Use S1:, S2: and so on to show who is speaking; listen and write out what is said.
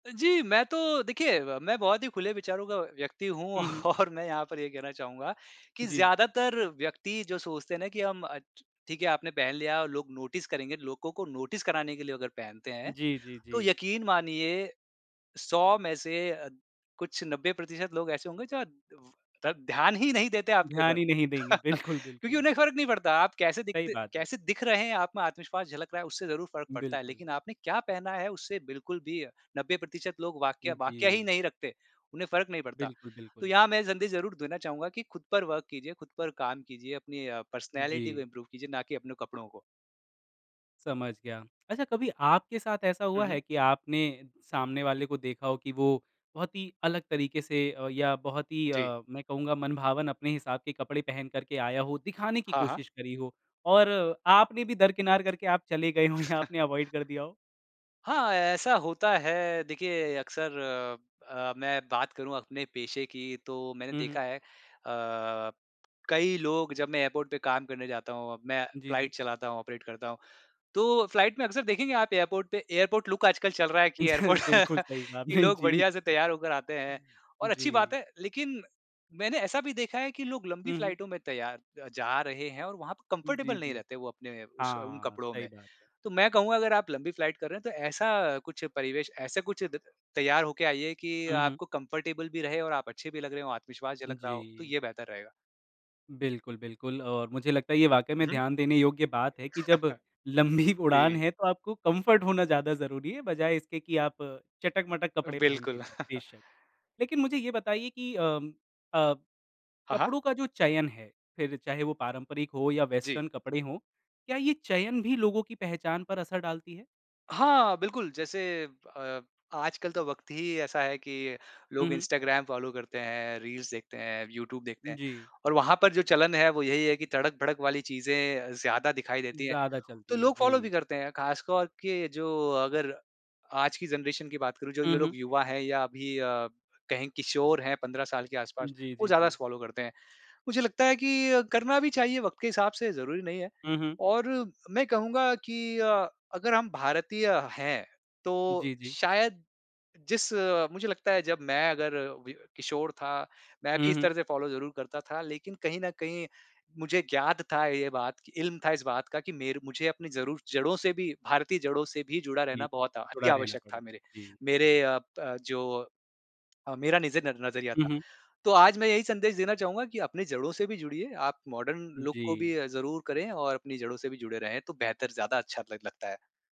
S1: जी, मैं तो देखिए मैं बहुत ही खुले विचारों का व्यक्ति हूँ
S2: हुँ, हुँ।
S1: और मैं यहाँ पर ये कहना चाहूँगा कि
S2: जी।
S1: ज्यादातर व्यक्ति जो सोचते हैं ना, कि हम ठीक है आपने पहन लिया और लोग नोटिस करेंगे, लोगों को नोटिस कराने के लिए वो अगर पहनते हैं,
S2: जी, जी,
S1: तो
S2: जी।
S1: यकीन मानिए 100 में से अ, कुछ 90% लोग ऐसे होंगे जो द ध्यान ही नहीं देते आपके
S2: ध्यान
S1: ऊपर।
S2: ही नहीं देंगे। बिल्कुल,
S1: क्योंकि
S2: बिल्कुल।
S1: उन्हें फ़र्क नहीं पड़ता, आप कैसे
S2: सही
S1: दिखते
S2: बात है।
S1: कैसे दिख रहे हैं? आप में आत्मविश्वास झलक रहा है, उससे ज़रूर फ़र्क पड़ता है,
S2: बिल्कुल।
S1: लेकिन आपने क्या पहना है उससे बिल्कुल भी 90% लोग वाक्या वाक्या ही
S2: जी।
S1: नहीं रखते, उन्हें फ़र्क नहीं पड़ता।
S2: बिल्कुल,
S1: तो
S2: बिल्कुल।
S1: यहाँ मैं जल्दी ज़रूर देना चाहूँगा कि खुद पर वर्क कीजिए, खुद पर काम कीजिए, अपनी पर्सनैलिटी को
S2: जी।
S1: इंप्रूव कीजिए, ना कि अपने कपड़ों को।
S2: समझ गया। अच्छा कभी आपके साथ ऐसा
S1: हुँ,
S2: हुआ है?
S1: हुँ।
S2: कि आपने सामने वाले को देखा हो कि वो बहुत ही अलग तरीके से अ, या बहुत ही
S1: जी।
S2: अ, मैं कहूँगा मनभावन अपने हिसाब के कपड़े पहन कर के आया हो, दिखाने की
S1: हाँ, हाँ।
S2: कोशिश करी हो और आपने भी दरकिनार करके आप चले गए हों या आपने अवॉइड कर दिया हो?
S1: हाँ, ऐसा होता है। देखिए अक्सर अ अ, मैं बात करूँ अपने पेशे की तो मैंने
S2: हुँ, हुँ।
S1: देखा है अ, कई लोग जब मैं एयरपोर्ट पे काम करने जाता हूँ, मैं
S2: जी, जी।
S1: फ्लाइट चलाता हूँ, ऑपरेट करता हूँ। तो फ्लाइट में अक्सर देखेंगे आप एयरपोर्ट पे, एयरपोर्ट लुक आजकल चल रहा है कि
S2: अच्छा
S1: एयरपोर्ट
S2: बिल्कुल सही कहा
S1: कि
S2: आपने।
S1: लोग
S2: जी।
S1: बढ़िया से तैयार होकर आते हैं और अच्छी बात
S2: जी।
S1: है लेकिन मैंने ऐसा भी देखा है कि लोग लंबी
S2: हुँ, हुँ।
S1: फ्लाइटों में तैयार जा रहे हैं और वहाँ पर
S2: जी,
S1: कंफर्टेबल नहीं
S2: जी।
S1: रहते वो अपने उस उन
S2: हाँ,
S1: कपड़ों
S2: सही
S1: में।
S2: बात है।
S1: तो मैं कहूँगा अगर आप लंबी फ्लाइट कर रहे हैं तो ऐसा कुछ परिवेश, ऐसा कुछ तैयार होके आइए कि
S2: हुँ, हुँ।
S1: आपको कंफर्टेबल भी रहें और आप अच्छे भी लग रहे हों, आत्मविश्वास झलक रहा हो, तो
S2: जी।
S1: ये बेहतर रहेगा।
S2: बिल्कुल, बिल्कुल। और मुझे लगता है ये वाक़ई
S1: उ,
S2: में
S1: हुँ।
S2: ध्यान देने योग्य बात है कि जब लंबी उड़ान
S1: जी।
S2: है तो आपको कम्फ़र्ट होना ज़्यादा ज़रूरी है बजाए इसके कि आप चटक-मटक कपड़े पहन के
S1: बिल्कुल।
S2: जाओ। बेशक, लेकिन मुझे ये बताइए कि अम, अ,
S1: हाँ, हाँ।
S2: कपड़ों का जो चयन है फिर चाहे वो पारंपरिक हो या
S1: जी।
S2: वेस्टर्न कपड़े हों क्या ये चयन भी लोगों की पहचान पर असर डालती है?
S1: हाँ, बिल्कुल। जैसे अ, आजकल तो वक़्त ही ऐसा है कि
S2: हुँ,
S1: लोग
S2: हुँ।
S1: इंस्टाग्राम फ़ॉलो करते हैं, रील्स देखते हैं, यूट्यूब देखते हैं
S2: जी।
S1: और वहाँ पर जो चलन है वो यही है कि तड़क-भड़क वाली चीजें ज़्यादा दिखाई देती हैं।
S2: ज़्यादा
S1: तो
S2: चलती हैं।
S1: लोग फ़ॉलो भी
S2: जी।
S1: करते हैं खास तौर के जो अगर आज की ज़नरेशन की बात करूँ जो
S2: हुँ,
S1: ये
S2: हुँ।
S1: लोग युवा है या अभी अ, कहीं किशोर हैं 15 साल के आस-पास,
S2: जी,
S1: वो
S2: जी,
S1: ज़्यादा
S2: जी।
S1: फ़ॉलो करते हैं। मुझे लगता है कि करना भी चाहिए वक़्त के हिसाब से ज़रूरी नहीं है
S2: हुँ, हुँ।
S1: और मैं कहूँगा कि अगर हम भारतीय हैं तो
S2: जी, जी।
S1: शायद जिस मुझे लगता है जब मैं अगर व किशोर था, मैं
S2: हुँ,
S1: भी इस
S2: हुँ।
S1: तरह से फ़ॉलो ज़रूर करता था लेकिन कहीं न कहीं मुझे ज्ञात था ये बात, इल्म था इस बात का कि मेरे मुझे अपनी ज़रूर जड़ों से भी, भारतीय जड़ों से भी जुड़ा
S2: जी।
S1: रहना बहुत
S2: जुड़ा
S1: अति
S2: रहना
S1: आवश्यक था
S2: पड़ेगा।
S1: मेरे
S2: जी।
S1: मेरे अ अ, जो मेरा नज़ नज़रिया
S2: हुँ,
S1: था।
S2: हुँ।
S1: तो आज मैं यही संदेश देना चाहूँगा कि अपने जड़ों से भी जुड़िए, आप मॉडर्न लुक को भी
S2: जी।
S1: ज़रूर करें और अपनी जड़ों से भी जुड़े रहें तो बेहतर ज़्यादा अच्छा ल लगता है।